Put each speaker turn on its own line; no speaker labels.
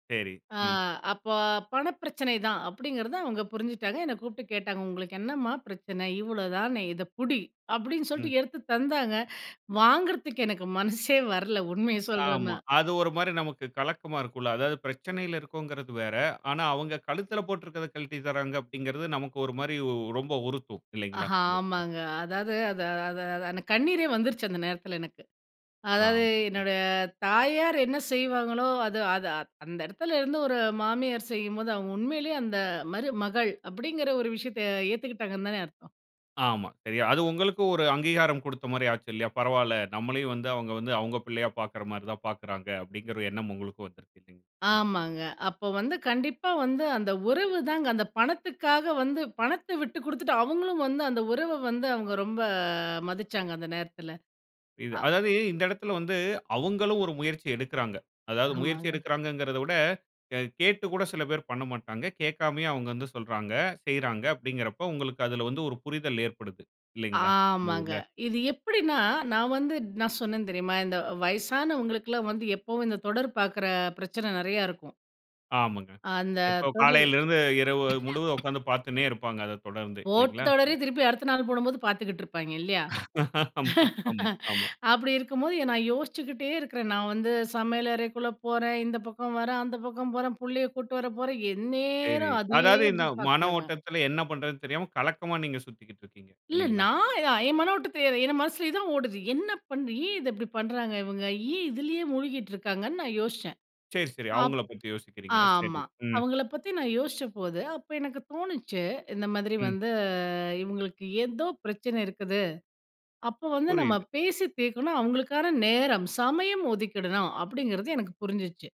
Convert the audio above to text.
சரி.
ஆ
ம்.
அப்போ பண பிரச்சனை தான் அப்படிங்கிறத அவங்க புரிஞ்சுட்டாங்க. என்ன கூப்பிட்டு கேட்டாங்க "உங்களுக்கு என்னம்மா பிரச்சனை? இவ்வளவுதானே இத புடி." அப்டின்னு
ம்.
சொல்லிட்டு எடுத்து தந்தாங்க. வாங்குறதுக்கு எனக்கு மனசே வரல உண்மையை
ஆமா.
சொல்லனும்னா.
அது ஒரு மாரி நமக்கு கலக்கமா இருக்குல்ல. அதாவது பிரச்சனையில இருக்கும்ங்கிறது வேற. ஆனா அவங்க கழுத்தில போட்டுருக்கிறத கழட்டி தர்றாங்க அப்டிங்கிறது நமக்கு ஒரு மாரி ரொம்ப உறுத்தும் இல்லைங்களா?
ஆஹா
இந்த இதுல.
ஆமாங்க அதாவது அது அது அந்த கண்ணீரே வந்துருச்சு அந்த நேரத்தில எனக்கு.
ஆ
அதாவது
புரியுது.
என்னுடைய தாயார் என்ன செய்வாங்களோ, அது அது அந்த இடத்துல இருந்து ஒரு மாமியார் செய்யும்போது அவங்க உண்மையிலேயே அந்த மருமகள் அப்படிங்கிற ஒரு விஷயத்த ஏத்துக்கிட்டாங்கன்னு தானே அர்த்தம்.
ஆமா, சரியா அது உங்களுக்கும் ஒரு அங்கீகாரம் கொடுத்த மாரி ஆச்சு இல்லையா? பரவாயில்ல நம்மளையும் வந்து அவுங்க வந்து அவுங்க பிள்ளையா பார்க்கிற மாரி தான் பார்க்கிறாங்க அப்டின்கிற எண்ணம் உங்களுக்கு வந்துருக்கு இல்லைங்களா? இந்த.
ஆமாங்க. அப்ப வந்து கண்டிப்பா வந்து அந்த உறவுதாங்க அந்த பணத்துக்காக வந்து, பணத்த விட்டு குடுத்துட்டு அவங்களும் வந்து அந்த உறவ வந்து, அவுங்க ரொம்ப மதிச்சாங்க அந்த நேரத்தில.
இது
ஆ.
அதாவது இந்த இடத்தில வந்து அவுங்களும் ஒரு முயற்சி எடுக்கிறாங்க. அதாவது முயற்சி
ஆமாங்க.
எடுக்கிறாங்கங்கிறத விட க கேட்டு கூட சில பேர் பண்ணமாட்டாங்க. கேட்காமயே அவங்க வந்து சொல்றாங்க செய்றாங்க அப்டின்கிறப்ப உங்களுக்கு அதில வந்து ஒரு புரிதல் ஏற்படுது இல்லைங்களா? இந்த
ஆமாங்க
இதுல.
இது எப்டின்னா நான் வந்து நான் சொன்னேன் தெரியுமா? இந்த வயசானவங்களுக்குல்லாம் வந்து எப்பவும் இந்த தொடர் பார்க்கிற பிரச்சனை நெறைய இருக்கும்.
ஆமாங்க.
அந்த
இப்ப
தொடர்.
காலையில இருந்து இரவு முழுவதும் உட்கார்ந்து பார்த்துன்னே இருப்பாங்க அதைத் தொடர்ந்து
போட்ட
இல்லைங்களா?
தொடரயே திருப்பி அடுத்த நாள் போடும்போது பார்த்துக்கிட்டு இருப்பாய்ங்க இல்லையா?
ஆமா ஆமா ஆமா.
அப்டி இருக்கும்போது நான் யோசிச்சுக்கிட்டே இருக்கிறேன். நான் வந்து சமையல் அறைக்குள்ளே போறேன், இந்த பக்கம் வர்றேன், அந்த பக்கம் போறேன், புள்ளைய் கூட்டிட்டு வர போறேன்,
சரி.
எந்நேரம் அதே
அதாவது இந்த
அப்டி
மன
பார்க்குறாங்க.
ஓட்டத்தில என்ன பண்றதுன்னு தெரியாம கலக்கமா நீங்க சுத்திக்கிட்டு இருக்கிறீங்க.
இல்ல
இல்லைங்களா?
நான் என் மனோட்ட தெரியாது என் மனசுலேயே தான் ஓடுது என்ன பண்ண? ஏன் இத இப்படி பண்றாங்க இவங்க? ஏன் இதுலேயே முழுகிட்டு இருக்காங்கன்னு நான் யோசிச்சேன்.
சரி சரி
அப்
அவங்கள பத்தி யோசிக்கிறீங்க. சரி
ஆமா
ம்.
அவங்கள பத்தி நான் யோசிச்சபோது அப்போ எனக்கு தோணுச்சு. இந்த மாதிரி
ம்.
வந்து இவங்களுக்கு ஏதோ பிரச்சன இருக்குது. அப்போ வந்து நம்ம
புரியுது.
பேசி தீர்க்கணும் அவங்களுக்கான நேரம், சமயம் ஒதுக்கிடணும், அப்படிங்கிறது எனக்கு புரிஞ்சிச்சு.